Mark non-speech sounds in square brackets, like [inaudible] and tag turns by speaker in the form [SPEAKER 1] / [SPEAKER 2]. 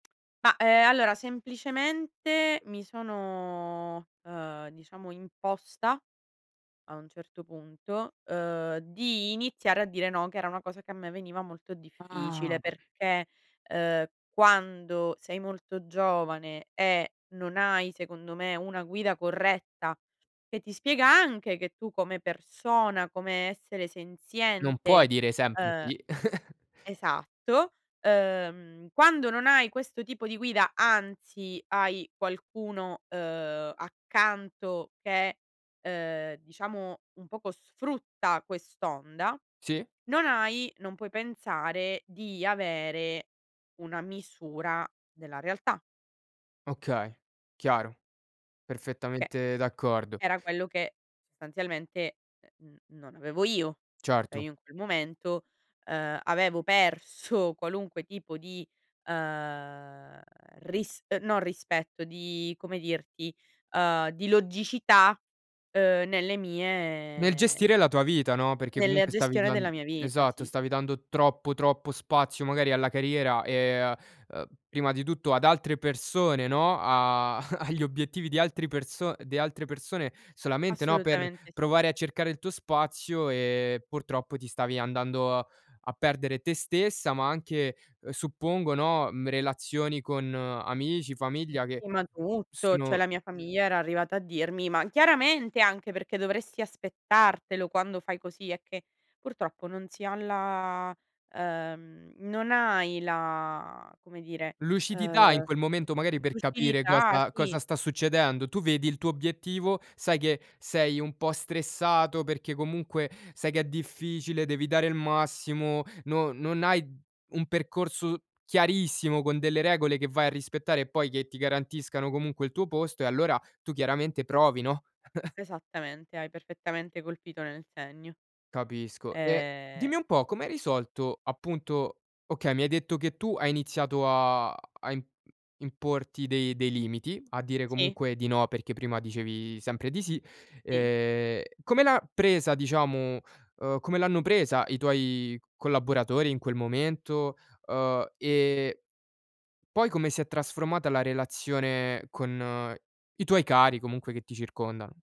[SPEAKER 1] Ma, ehm, allora, semplicemente, mi sono, ehm, diciamo, imposta a un certo punto, ehm, di iniziare a dire no, che era una cosa che a me veniva molto difficile,
[SPEAKER 2] Ah.
[SPEAKER 1] perché, ehm, quando sei molto giovane e non hai secondo me una guida corretta che ti spiega anche che tu come persona, come essere
[SPEAKER 2] Non puoi
[SPEAKER 1] senziente,
[SPEAKER 2] dire
[SPEAKER 1] ehm
[SPEAKER 2] semplici [chuckles]
[SPEAKER 1] esatto, ehm, quando non hai questo tipo di guida, anzi, hai qualcuno, ehm, accanto che, ehm, diciamo, un poco sfrutta quest'onda,
[SPEAKER 2] Sì.
[SPEAKER 1] non hai non puoi pensare di avere una misura della realtà.
[SPEAKER 2] Okay, chiaro,
[SPEAKER 1] Che
[SPEAKER 2] perfettamente d'accordo.
[SPEAKER 1] era quello che sostanzialmente, ehm, n non avevo io. Cioè
[SPEAKER 2] Certo.
[SPEAKER 1] io, in quel momento, ehm, avevo perso qualunque tipo di, ehm, ris no rispetto, di come dirti, ehm, di logicità, ehm, nelle
[SPEAKER 2] Nel
[SPEAKER 1] mie
[SPEAKER 2] gestire la tua vita, no, perché
[SPEAKER 1] Nella
[SPEAKER 2] comunque stavi
[SPEAKER 1] gestione della
[SPEAKER 2] dan
[SPEAKER 1] mia vita.
[SPEAKER 2] esatto,
[SPEAKER 1] Sì, sì.
[SPEAKER 2] stavi dando troppo, troppo spazio magari alla carriera, ehm, a ehm, prima di tutto ad altre persone no, a [chuckles] agli obiettivi di altri perso di altre persone solamente, no, per
[SPEAKER 1] Assolutamente sì.
[SPEAKER 2] provare a cercare il tuo spazio, ehm, purtroppo ti stavi andando a perdere te stessa, ma anche, uhm, suppongo, no, mhmm, relazioni con amici, famiglia che
[SPEAKER 1] Sì, ma tutto, cioè
[SPEAKER 2] sono
[SPEAKER 1] la mia famiglia era arrivata a dirmi ma chiaramente anche, perché dovresti aspettartelo quando fai così, è che purtroppo non si ha la ehm, non hai la, come dire,
[SPEAKER 2] Lucidità, in
[SPEAKER 1] ehm,
[SPEAKER 2] quel momento magari per capire
[SPEAKER 1] lucidità,
[SPEAKER 2] cosa
[SPEAKER 1] sì.
[SPEAKER 2] cosa sta succedendo. Tu vedi il tuo obiettivo, sai che sei un po' stressato perché comunque sai che è difficile, devi dare il massimo, no non hai un percorso chiarissimo con delle regole che vai a rispettare e poi che ti garantiscano comunque il tuo posto e allora tu chiaramente provi, no? [chuckles]
[SPEAKER 1] Esattamente, hai perfettamente colpito nel segno.
[SPEAKER 2] Capisco e
[SPEAKER 1] Ehm
[SPEAKER 2] dimmi un po' come hai risolto appunto okay, mi hai detto che tu hai iniziato a a im importi dei dei limiti, a dire
[SPEAKER 1] Sì.
[SPEAKER 2] comunque di no perché prima dicevi sempre di sì,
[SPEAKER 1] Sì.
[SPEAKER 2] ehm, come l'ha presa diciamo ehm, come l'hanno presa i tuoi collaboratori in quel momento, uhm, e poi come si è trasformata la relazione con i tuoi cari comunque che ti circondano?